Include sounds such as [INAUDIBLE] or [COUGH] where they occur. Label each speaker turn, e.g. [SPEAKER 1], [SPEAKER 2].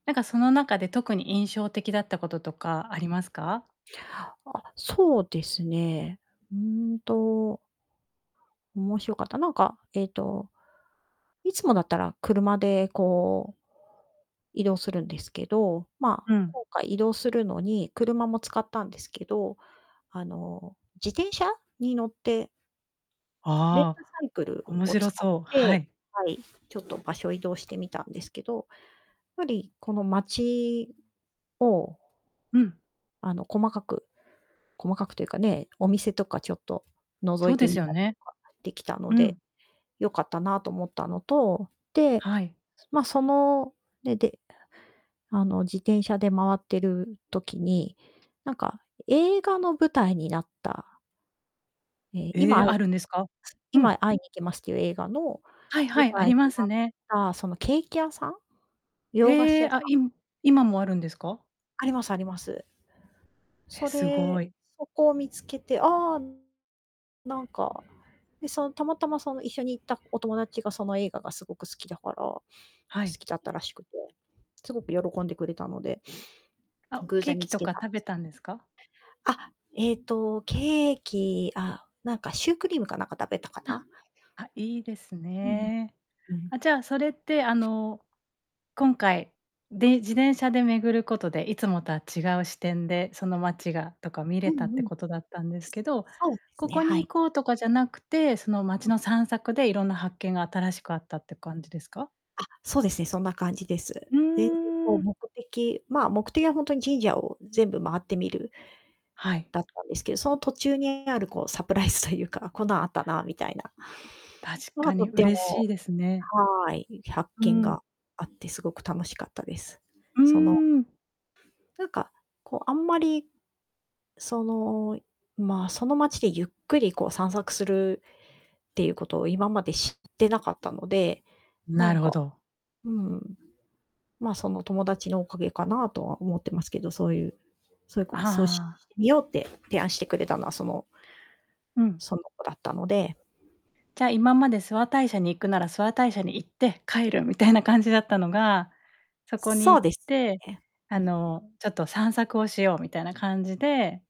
[SPEAKER 1] なんかその中で特に印象的だったこととかありますか？
[SPEAKER 2] あ、そうですね。うーんと面白かった、なんかええと、いつもだったら車でこう移動するんですけど、まあ
[SPEAKER 1] うん。
[SPEAKER 2] 今回移動するのに車も使ったんですけど、あの自転車に乗ってレンタ
[SPEAKER 1] ああ。
[SPEAKER 2] サイクル
[SPEAKER 1] 面
[SPEAKER 2] を
[SPEAKER 1] 白
[SPEAKER 2] 使っ
[SPEAKER 1] そう、は
[SPEAKER 2] て、
[SPEAKER 1] い。
[SPEAKER 2] はい、ちょっと場所移動してみたんですけど、やっぱりこの街を
[SPEAKER 1] うん。
[SPEAKER 2] あの細かく細かくというかね、お店とかちょっと覗
[SPEAKER 1] そ
[SPEAKER 2] い
[SPEAKER 1] うで
[SPEAKER 2] て
[SPEAKER 1] す
[SPEAKER 2] み
[SPEAKER 1] よ
[SPEAKER 2] たり
[SPEAKER 1] ね。
[SPEAKER 2] とかできたの
[SPEAKER 1] う
[SPEAKER 2] で
[SPEAKER 1] ん。
[SPEAKER 2] 良かったなと思ったのと、で、
[SPEAKER 1] はい。
[SPEAKER 2] ま、そのね、で、あの自転車で回ってる時になんか映画の舞台になったええ、
[SPEAKER 1] え
[SPEAKER 2] 今
[SPEAKER 1] え、
[SPEAKER 2] 会い
[SPEAKER 1] あるんですか？う
[SPEAKER 2] 今
[SPEAKER 1] ん。
[SPEAKER 2] 会いに行きますっていう映画の
[SPEAKER 1] はい
[SPEAKER 2] 舞
[SPEAKER 1] はい、あ
[SPEAKER 2] 台に
[SPEAKER 1] りま
[SPEAKER 2] な
[SPEAKER 1] す
[SPEAKER 2] っ
[SPEAKER 1] ね。
[SPEAKER 2] たそのケーキ屋さん洋菓子
[SPEAKER 1] へえ、
[SPEAKER 2] 屋さ
[SPEAKER 1] あ、
[SPEAKER 2] ん
[SPEAKER 1] い今もあるんですか？
[SPEAKER 2] ありますあります。
[SPEAKER 1] え、
[SPEAKER 2] そ
[SPEAKER 1] す
[SPEAKER 2] れ
[SPEAKER 1] ごい。
[SPEAKER 2] そこを見つけて、ああ、なんか、で、そのたまたまその一緒に行ったお友達がその映画がすごく好きだから好
[SPEAKER 1] はい。
[SPEAKER 2] きだったらしくて、すごく喜んでくれたので。
[SPEAKER 1] あ、
[SPEAKER 2] 偶
[SPEAKER 1] ケ
[SPEAKER 2] 然
[SPEAKER 1] ー
[SPEAKER 2] 見
[SPEAKER 1] キ
[SPEAKER 2] つ
[SPEAKER 1] と
[SPEAKER 2] け
[SPEAKER 1] か
[SPEAKER 2] たん
[SPEAKER 1] 食
[SPEAKER 2] で
[SPEAKER 1] べ
[SPEAKER 2] すけど
[SPEAKER 1] たんですか？
[SPEAKER 2] あ、ええとケーキ、あ、なんかシュークリームかなんか食べたか
[SPEAKER 1] あ。
[SPEAKER 2] な。
[SPEAKER 1] あ、いいです
[SPEAKER 2] うん
[SPEAKER 1] ね。
[SPEAKER 2] うん。うん。
[SPEAKER 1] あ、じゃそれってあの今回でん自転車で巡ることでいつもとは違う視点でその街がとか見
[SPEAKER 2] う
[SPEAKER 1] れた
[SPEAKER 2] ん
[SPEAKER 1] っ
[SPEAKER 2] う
[SPEAKER 1] て
[SPEAKER 2] ん。
[SPEAKER 1] ことだったんですけど、
[SPEAKER 2] そうです
[SPEAKER 1] こ
[SPEAKER 2] ね、
[SPEAKER 1] こ
[SPEAKER 2] は
[SPEAKER 1] に
[SPEAKER 2] い。
[SPEAKER 1] 行こうとかじゃなくて、その街
[SPEAKER 2] うん。
[SPEAKER 1] の散策でいろんな発見が新しくあったって感じですか？
[SPEAKER 2] あ、そうですね、そんな感じです。
[SPEAKER 1] う
[SPEAKER 2] で [UNINTELLIGIBLE] こ
[SPEAKER 1] ー
[SPEAKER 2] う
[SPEAKER 1] ん。
[SPEAKER 2] 目的、まあ目的はほんとに神社を全部回ってみる
[SPEAKER 1] はい。
[SPEAKER 2] だったんですけど、その途中にあるこうサプライズというか、こんなんあったなみたいな
[SPEAKER 1] 確
[SPEAKER 2] まあ
[SPEAKER 1] か
[SPEAKER 2] と
[SPEAKER 1] に
[SPEAKER 2] て
[SPEAKER 1] 嬉し
[SPEAKER 2] も、
[SPEAKER 1] いですね。
[SPEAKER 2] はい、発
[SPEAKER 1] う
[SPEAKER 2] 見
[SPEAKER 1] ん。
[SPEAKER 2] があって凄く楽しかったです。
[SPEAKER 1] う
[SPEAKER 2] その
[SPEAKER 1] ーん。
[SPEAKER 2] てゆか、こうあんまり。その、まあその街でゆっくりこう散策するっていうことを今まで知ってなかったので、な
[SPEAKER 1] な
[SPEAKER 2] ん
[SPEAKER 1] るほ
[SPEAKER 2] か、
[SPEAKER 1] ど。
[SPEAKER 2] うん。まあ、その友達のおかげかなとは思ってますけど、そういうそういうこそうし
[SPEAKER 1] ああ。
[SPEAKER 2] 見ようって提案してくれたのは、その
[SPEAKER 1] うん。
[SPEAKER 2] その子だったので。
[SPEAKER 1] じゃ今まで諏訪大社に行くなら諏訪大社に行って帰るみたいな感じだったのが、そこに
[SPEAKER 2] そう
[SPEAKER 1] 行っ
[SPEAKER 2] です
[SPEAKER 1] て、
[SPEAKER 2] ね。
[SPEAKER 1] あ
[SPEAKER 2] うん。
[SPEAKER 1] のちょっと散策をしようみたいな感じで